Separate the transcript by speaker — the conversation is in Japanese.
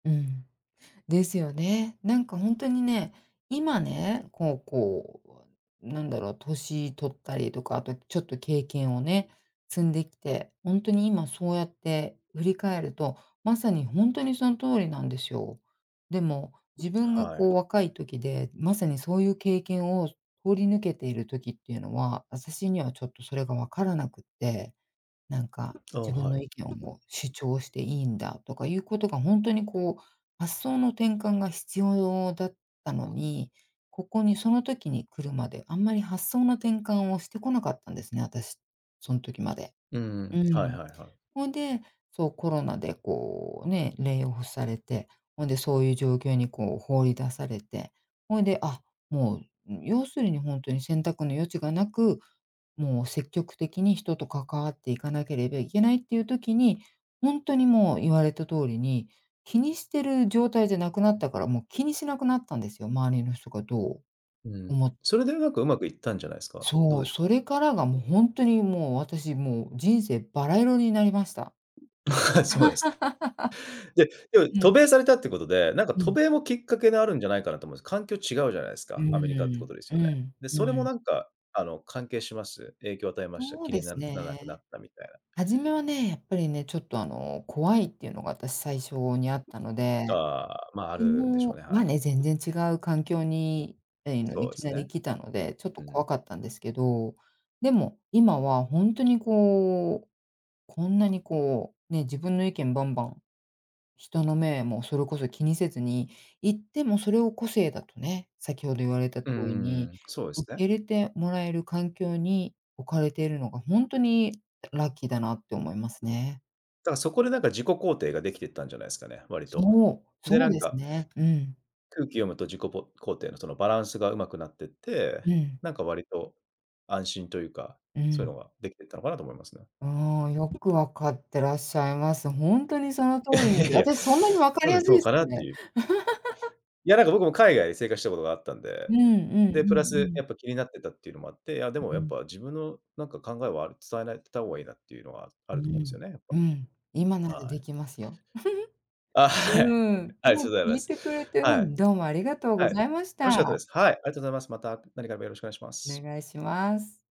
Speaker 1: うん。ですよね。なんか、ほんとにね、今ね、こうこう、うわ何だろう、歳取ったりとか、あとちょっと経験をね、積んできて、ほんとに今そうやって振り返ると、まさにほんとにそん通りなんでしょう。でも、自分が
Speaker 2: は
Speaker 1: こう
Speaker 2: い。
Speaker 1: 若い時で、まさにそういう経験を、す通り抜けている時っていうのは、私にはちょっとそれが分からなくって、何か
Speaker 2: ああ、
Speaker 1: 自分
Speaker 2: はい。
Speaker 1: の意見をもう主張していいんだとかいうことが、ほんとにこう、発想の転換が必要だったのに、ここにその時に来るまで、あんまり発想の転換をしてこなかったんですね、私、そん時まで。
Speaker 2: うん、
Speaker 1: う
Speaker 2: はい
Speaker 1: ん。
Speaker 2: はいはい。
Speaker 1: ほいで、そう、コロナでこう、ね、レイオフされて、ほんでそういう状況にこう放り出されて、ほいで、あっ、もう、ううん、要するにほんとに選択の余地が無く、もう積極的に人と関わっていかなければいけないっていう時に、ほんとにもう言われた通りに、気にしてる状態じゃなくなったから、もう気にしなくなったんですよ、周りの人がどう
Speaker 2: うん、
Speaker 1: 思
Speaker 2: それでうまくうまくいったんじゃないすか？ど
Speaker 1: そ
Speaker 2: う
Speaker 1: う、
Speaker 2: でしゅ
Speaker 1: そ
Speaker 2: か？
Speaker 1: れからがもう、ほんとにもう、私もう、人生バラ色になりました。
Speaker 2: そうです ね。で、え、お
Speaker 1: う
Speaker 2: 渡
Speaker 1: ん。
Speaker 2: 米されたってことで、なんか
Speaker 1: う
Speaker 2: 渡
Speaker 1: ん。
Speaker 2: 米もきっかけにあるんじゃないかなと思うんす。環境違うじゃないす
Speaker 1: う
Speaker 2: か、アメリカって
Speaker 1: ー
Speaker 2: こ
Speaker 1: ん、
Speaker 2: とです
Speaker 1: う
Speaker 2: よね？
Speaker 1: ん、
Speaker 2: で、
Speaker 1: う
Speaker 2: それも
Speaker 1: ん。
Speaker 2: なんか、あの、関係します？影響を与えました？
Speaker 1: そう
Speaker 2: 気に
Speaker 1: で
Speaker 2: な
Speaker 1: す
Speaker 2: ならなくなっ
Speaker 1: ね。
Speaker 2: たみたい
Speaker 1: 初め
Speaker 2: な。
Speaker 1: はね、やっぱりね、ちょっとあの、怖いっていうのが私最初にあったので、
Speaker 2: ああ、まあ、あ
Speaker 1: で
Speaker 2: るでしょう
Speaker 1: も、
Speaker 2: ね、
Speaker 1: ま
Speaker 2: は
Speaker 1: あ、ね、全
Speaker 2: い。
Speaker 1: 然違う環境に、あいの
Speaker 2: そ
Speaker 1: い
Speaker 2: うえ
Speaker 1: き
Speaker 2: す
Speaker 1: なり
Speaker 2: ね。
Speaker 1: 来たので、ちょっと
Speaker 2: うん。
Speaker 1: 怖かったんですけど、でも、今はほんとにこう、こんなにこう、ね、自分の意見バンバン、人の目もそれこそ気にせずに言ってもそれを個性だとね、先程言われた通
Speaker 2: うんう
Speaker 1: り
Speaker 2: ん
Speaker 1: に、
Speaker 2: うん、そうえす
Speaker 1: 受
Speaker 2: ね。
Speaker 1: け入れてもらえる環境に置かれているのが、ほんとにラッキーだなって思います
Speaker 2: だ
Speaker 1: ね。
Speaker 2: からそこでなんか自己肯定ができていったんじゃないすかね？割と。
Speaker 1: そう、
Speaker 2: で、
Speaker 1: そ
Speaker 2: な
Speaker 1: う
Speaker 2: ん
Speaker 1: です
Speaker 2: か
Speaker 1: ね、うん。
Speaker 2: 空気読むと自己ぼ肯定のそのバランスが上手くなってって、
Speaker 1: うん。
Speaker 2: なんか割と、安心というか、
Speaker 1: う
Speaker 2: そういう
Speaker 1: ん。
Speaker 2: のができてったのかなと思いますね。
Speaker 1: ああ、よくわかってらっしゃいます。ほんとにその通
Speaker 2: や、い
Speaker 1: り
Speaker 2: や
Speaker 1: で、
Speaker 2: いや、
Speaker 1: 私そんなにわか
Speaker 2: 多
Speaker 1: り
Speaker 2: 分
Speaker 1: やす
Speaker 2: そう
Speaker 1: いす
Speaker 2: かなって
Speaker 1: ね。
Speaker 2: いう。いや、なんか僕も海外で生活したことがあったん
Speaker 1: う
Speaker 2: で、
Speaker 1: んうん
Speaker 2: で、プ
Speaker 1: う
Speaker 2: ラス、
Speaker 1: んうん。
Speaker 2: やっぱ気になってたっていうのもあって、あ、でも
Speaker 1: うう
Speaker 2: やっ
Speaker 1: ん。
Speaker 2: ぱ自分のなんか考えはある伝えないてたおうがいいなっていうのは、あ
Speaker 1: う
Speaker 2: ると思うんす
Speaker 1: ん、
Speaker 2: よね、やっ
Speaker 1: うん、今な
Speaker 2: ぱ。
Speaker 1: ら
Speaker 2: は
Speaker 1: で
Speaker 2: い。
Speaker 1: きますよ。
Speaker 2: あ、はい。
Speaker 1: うん、で
Speaker 2: はい、そ
Speaker 1: も、
Speaker 2: ざいま
Speaker 1: 聞い
Speaker 2: す。
Speaker 1: てくれてう
Speaker 2: はい。
Speaker 1: ん、どうもありがとうご
Speaker 2: はい、
Speaker 1: ざいまし
Speaker 2: 楽しかった
Speaker 1: た。
Speaker 2: です。はい、ありがとうございます。また何かあればよろしくお願いしま
Speaker 1: お
Speaker 2: す。
Speaker 1: 願いします。